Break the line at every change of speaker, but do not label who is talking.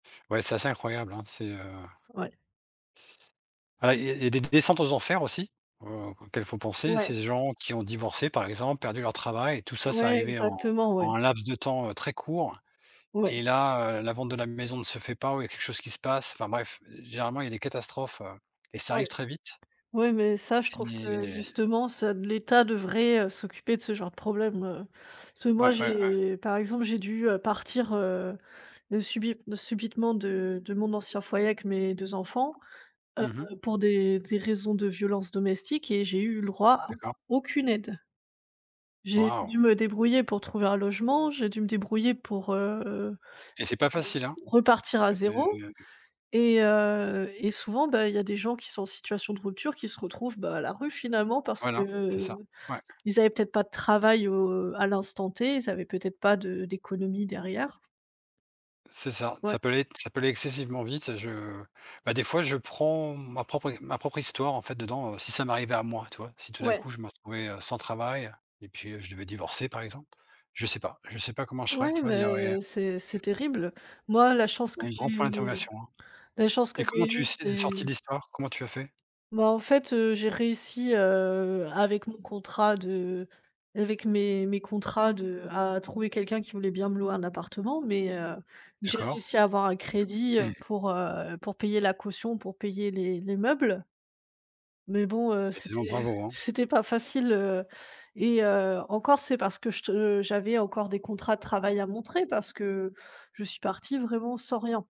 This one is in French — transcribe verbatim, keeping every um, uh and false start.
Ouais, c'est assez incroyable, hein. C'est, heu
Ouais.
Ah, il y a il y a d des descentes aux enfers aussi, heu, auxquelles il faut penser.
Ouais.
Ces gens qui ont divorcé, par exemple, perdu leur travail et tout ça, c'est
Ouais,
arrivé en
exactement, ouais.
en un laps de temps, heu, très court
Ouais.
et là, heu, la vente de la maison ne se fait pas ou il y a quelque chose qui se passe, enfin, bref, généralement, il y a des catastrophes, heu, et ça
Ouais.
arrive très vite
Ouais mais ça, je trouve que,
et
justement, ça l'état devrait, heu, s'occuper de ce genre de problème, heu, parce que, moi,
Ouais, ouais, ouais.
j'ai par exemple, j'ai dû, heu, partir, heu, de subit subitement de de mon ancien foyer avec mes deux enfants,
Mmh mh.
heu, pour des des raisons de violences domestiques et j'ai eu le droit à
D'accord.
aucune aide. J'ai
Wow!
dû me débrouiller pour trouver un logement, j'ai dû me débrouiller pour, heu,
Et c'est pas facile, hein?
repartir à
Heu
zéro et heu, et souvent, bah, il y a des gens qui sont en situation de rupture qui se retrouvent, bah, à la rue, finalement, parce que,
Voilà, c'est ça,
heu,
ouais.
ils avaient peut-être pas de travail, heu, à l'instant T, ils avaient peut-être pas de d'économie derrière.
C'est ça,
Ouais.
ça peut aller ça peut aller excessivement vite. Je, bah, des fois, je prends ma propre é ma propre histoire, en fait, dedans, si ça m'arrivait à moi, tu vois, si tout d'un
Ouais.
coup, je me retrouvais, heu, sans travail et puis je devais divorcer, par exemple, je sais pas je sais pas comment je ferais,
Ouais,
tu vois dire et
mais c'est c'est terrible. Moi, la chance que
un grand point
j'ai
d'interrogation, hein,
la chance que
et comment
j'ai eu
tu sais tu es
c'est
sortie d'histoire? Comment tu as fait?
Bah, en fait, heu, j'ai réussi, heu, avec mon contrat de avec mes mes contrats de à trouver quelqu'un qui voulait bien me louer un appartement, mais heu, j'ai
D'accord.
réussi à avoir un crédit, heu, pour, heu, pour payer la caution, pour payer les les meubles mais bon, heu,
Bah, dis
c'était
donc bravo, hein.
c'était pas facile, heu, et heu, encore c'est parce que je te, heu, j'avais encore des contrats de travail à montrer parce que je suis partie vraiment sans rien.